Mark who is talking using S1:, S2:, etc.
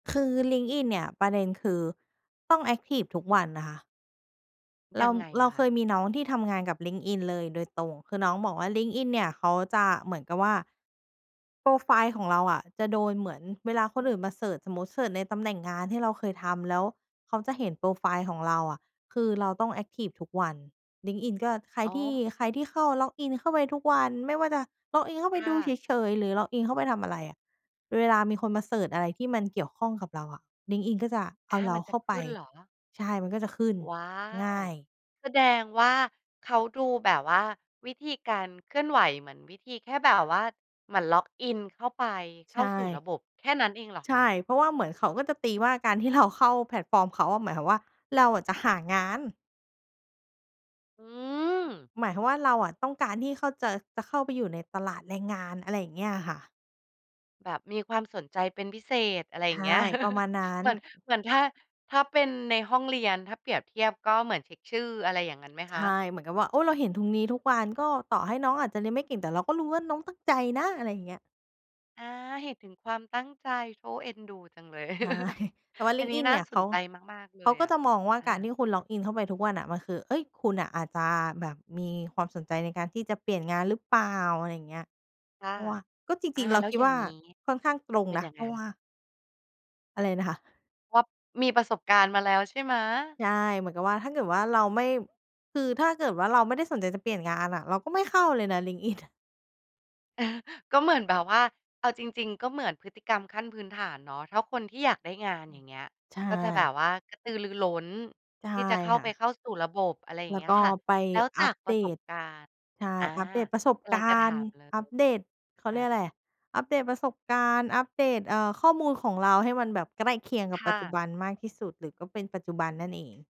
S1: คือ LinkedIn เนี่ย ประเด็นคือต้องแอ็กทิฟทุกวันนะคะ เร
S2: ย
S1: า
S2: ังไง
S1: เร
S2: อ
S1: า
S2: ะค
S1: เค
S2: ะ?
S1: ยมีน้องที่ทำงานกับ LinkedIn เลยโดยตรง คือน้องบอกว่า LinkedIn เนี่ยเขาจะเหมือนกับว่า โพรไฟล์ของเราอะจะโดนเหมือนเวลาคนอื่นมาเซิร์ช สมมุติเซิร์ชในตำแหน่งงานที่เราเคยทำ แล้วเขาจะเห็นโพรไฟล์ของเราอะ คือเราต้องแอ็กทิฟทุกวัน LinkedIn ก็ ใคร
S2: อ๋
S1: ที่
S2: อ
S1: ใครที่เข้า log in เข้าไปทุกวัน ไม่ว่าจะ log in เข้าไป
S2: ค
S1: ด
S2: ่
S1: ูเ
S2: ะ
S1: ฉย ๆ หรือ log in เข้าไปทำอะไรอะ เวลามีคนมาเซิร์ชอะไรที่มันเกี่ยวข้องกับเราอะ LinkedIn ก็จะเอา
S2: อา
S1: เร
S2: ม
S1: า
S2: ัน
S1: เ
S2: จ
S1: ข
S2: ะ
S1: ้าไ
S2: ข
S1: ป
S2: ึ้นเหรอ?
S1: ใช่ มันก็จะขึ้น
S2: ว้า
S1: ง
S2: ว
S1: ่าย
S2: แสดงว่าเขาดูแบบว่าวิธีการเคลื่อนไหว เหมือนวิธีแค่แบบว่าเหมือน log in เข้าไป
S1: ใ
S2: เข
S1: ช
S2: ้าสู่ร
S1: ่
S2: ะบบ แค่นั้นเองเหรอ
S1: ใช
S2: คะ?
S1: ่ เพราะว่าเหมือนเขาก็จะตีว่า การที่เราเข้าแพลตฟอร์มเขาอะ หมายความว่า เราอะจะหางาน
S2: อืม
S1: หมายความว่า เราอะต้องการที่เข้า จะ จะเข้าไปอยู่ในตลาดแรงงาน อะไรอย่างเงี้ยอะค่ะ
S2: แบบมีความสนใจเป็นพิเศษ อะไร
S1: ใ
S2: อย
S1: ช
S2: ่า
S1: ่
S2: งเงี้ย
S1: ประมาณนั้
S2: เ
S1: น
S2: หมือน เหมือน ถ้า ถ้าเป็นในห้องเรียน ถ้าเปรียบเทียบก็เหมือนเช็กชื่อ อะไรอย่างงั้นไหม
S1: ใช
S2: คะ?
S1: ่ เหมือนกับว่า โอ้ เราเห็นถุงนี้ทุกวัน ก็ต่อให้น้องอาจจะเรียนไม่เก่งแต่เราก็รู้ว่าน้องตั้งใจนะ อะไรอย่างเงี้ย
S2: อา เห็นถึงความตั้งใจ โถ เอ็นดูจังเลย
S1: ใช่ แต่ว่า
S2: อันนี้
S1: LinkedIn
S2: น่
S1: เน
S2: า
S1: ี่ย เ
S2: ส
S1: ข
S2: น
S1: า
S2: ใจมาก ๆ เล
S1: เขา
S2: ย
S1: ก็
S2: อะ
S1: จะมองว่า
S2: อ
S1: การที
S2: า
S1: ่คุณ log in เข้าไปทุกวันน่ะ มันคือ เอ๊ย คุณน่ะอาจจะแบบมีความสนใจในการที่จะเปลี่ยนงานหรือเปล่า อะไรอย่างเงี้ย
S2: ค่
S1: เ
S2: ะ
S1: พราะว่า ก็จ
S2: อ
S1: ร
S2: า
S1: ิง ๆ เรา
S2: แล้
S1: ค
S2: ว
S1: ิด
S2: อย่
S1: ว
S2: า
S1: ่
S2: ง
S1: า
S2: งี้
S1: ค่อนข้างตรง
S2: เป็น
S1: นะ
S2: ยัง
S1: เพ
S2: ไ
S1: ร
S2: ง?
S1: าะว่า อะไรนะคะ?
S2: เพราะมีประสบการณ์มาแล้วใช่ไหม?
S1: ใช่ เหมือนกับว่า ถ้าเกิดว่าเราไม่ คือถ้าเกิดว่าเราไม่ได้สนใจจะเปลี่ยนงานอะ เราก็ไม่เข้าเลยนะ LinkedIn อะ
S2: ก็เหมือนแบบว่า เอาจริง ๆ ก็เหมือนพฤติกรรมขั้นพื้นฐานเนาะ ถ้าคนที่อยากได้งาน
S1: อื
S2: อย่
S1: อ
S2: างเงี้ย
S1: ใช
S2: ก็จะแบ
S1: ่
S2: บว่ากระตือรือร้น
S1: ใช่
S2: ที่จะเข้า
S1: ค่
S2: ไ
S1: ะ
S2: ปเข้าสู่ระบบ อะไรอย่
S1: แ
S2: าง
S1: ล
S2: เ
S1: ้
S2: ง
S1: ว
S2: ี้ย
S1: ก็
S2: ค่ะ
S1: ไป
S2: แล้วจ
S1: อั
S2: า
S1: ป
S2: กป
S1: เ
S2: ร
S1: ด
S2: ะสบ
S1: ต
S2: การณ์
S1: ใช่
S2: อา
S1: อัปเดตประสบ
S2: กำล
S1: ก
S2: ังจะ
S1: า
S2: ถ
S1: ร
S2: า
S1: ณ์
S2: มเล
S1: อั
S2: ย
S1: ปเดต เขา
S2: อ
S1: เรียก
S2: า
S1: อะไร อัปเดตประสบการณ์ อัปเดต เอ่อ ข้อมูลของเราให้มันแบบใกล้เคียงกั
S2: ค
S1: บป
S2: ่
S1: ัจจุ
S2: ะ
S1: บันมากที่สุด หรือก็เป็นปัจจุบันนั่นเอง